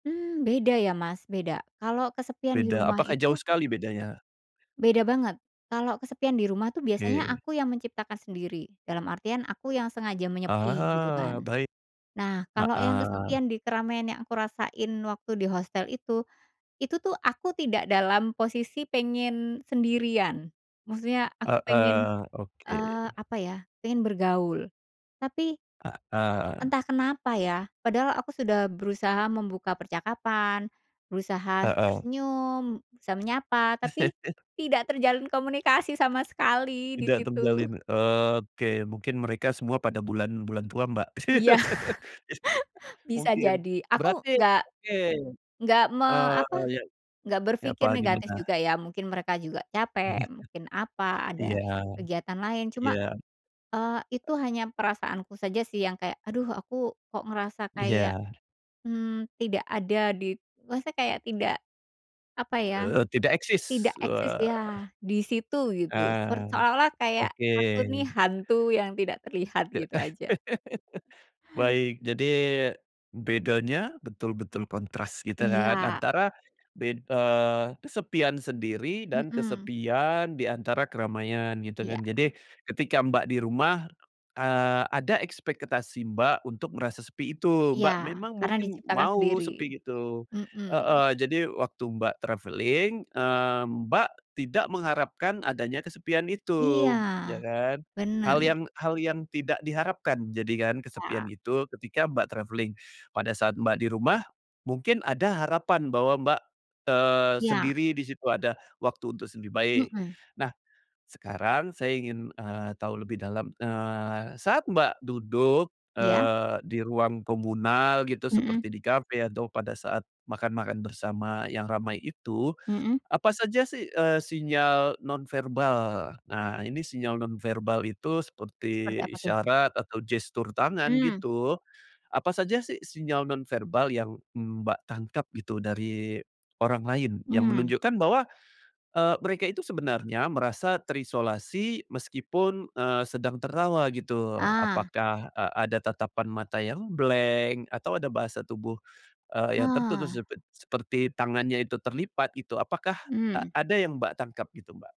Mmm, beda ya Mas, beda. Kalau kesepian di Beda. rumah Apakah jauh itu sekali bedanya? beda banget. Kalau kesepian di rumah itu, biasanya Oke. aku yang menciptakan sendiri. Dalam artian, aku yang sengaja menyepi gitu Ah, kan. baik. Nah, kalo yang Heeh. kesepian di keramaian yang aku rasain waktu di hostel itu. Itu tuh, aku tidak dalam posisi pengen sendirian. Maksudnya aku pengen, Heeh. Oke. eee, apa ya, pengen bergaul. Tapi, Heeh. entah kenapa ya, padahal aku sudah berusaha membuka percakapan, berusaha Heeh. tersenyum, berusaha menyapa. Tapi, tidak terjalin komunikasi sama sekali, di Tidak situ. terjalin. Oke. Mungkin mereka semua pada bulan-bulan tua, Mbak. Ya. Bisa Mungkin. jadi. Aku, Berarti oke. nggak me Oh, apa, iya. nggak Ya apa, berpikir negatif gimana? juga ya, mungkin mereka juga capek, Iya. mungkin apa, ada Iya kegiatan lain. Cuma, iya. eee, itu hanya perasaanku saja sih, yang kayak, aduh, aku kok ngerasa kayak, Iya. mmm, tidak ada di maksudnya kayak tidak, apa ya, Eee, tidak tidak eksis. eksis Wah. ya, di situ, gitu. Seper Ah. seolah-olah kayak, Oke. aku nih hantu yang tidak terlihat, gitu aja. Baik, jadi, bedanya betul-betul kontras, gitu kan. Iya. Antara bed eee, kesepian sendiri, dan Mhm. kesepian diantara keramaian, gitu Iya. kan. Jadi, ketika Mbak di rumah, eee, ada ekspektasi Mbak, untuk merasa sepi itu. Iya. Mbak memang Karena mungkin diciptakan mau sendiri. sepi gitu Mhm. heeh. Jadi waktu Mbak travelling, eee, Mbak tidak mengharapkan adanya kesepian Iya. itu, ya kan. Hal Benar. yang hal yang tidak diharapkan, jadi kan, kesepian Ya. itu, ketika Mbak travelling. Pada saat Mbak di rumah, mungkin ada harapan bahwa Mbak, eee, Iya. sendiri di situ ada waktu untuk sendiri baik. Mhm. Nah, sekarang saya ingin, eee, tahu lebih dalam, eee, saat Mbak duduk, Iya. eee, di ruang komunal, gitu. Mhm. Seperti di kafe atau pada saat makan-makan bersama, yang ramai itu. Mhm. Apa saja sih, eee, sinyal nonverbal. Nah, ini sinyal nonverbal itu, Seperti seperti apa tuh? isyarat atau gestur tangan, Mmm. gitu. Apa saja sih, sinyal nonverbal yang Mbak tangkap, gitu, dari orang lain, yang Mmm. menunjukkan bahwa, eee, mereka itu sebenarnya merasa terisolasi, meskipun, eee, sedang tertawa gitu. Ah. Apakah, e ada tatapan mata yang blank, atau ada bahasa tubuh, eee, yang tertutup Ah. sepe seperti tangannya itu terlipat gitu. Apakah, e Mmm. ada yang Mbak tangkap, gitu Mbak?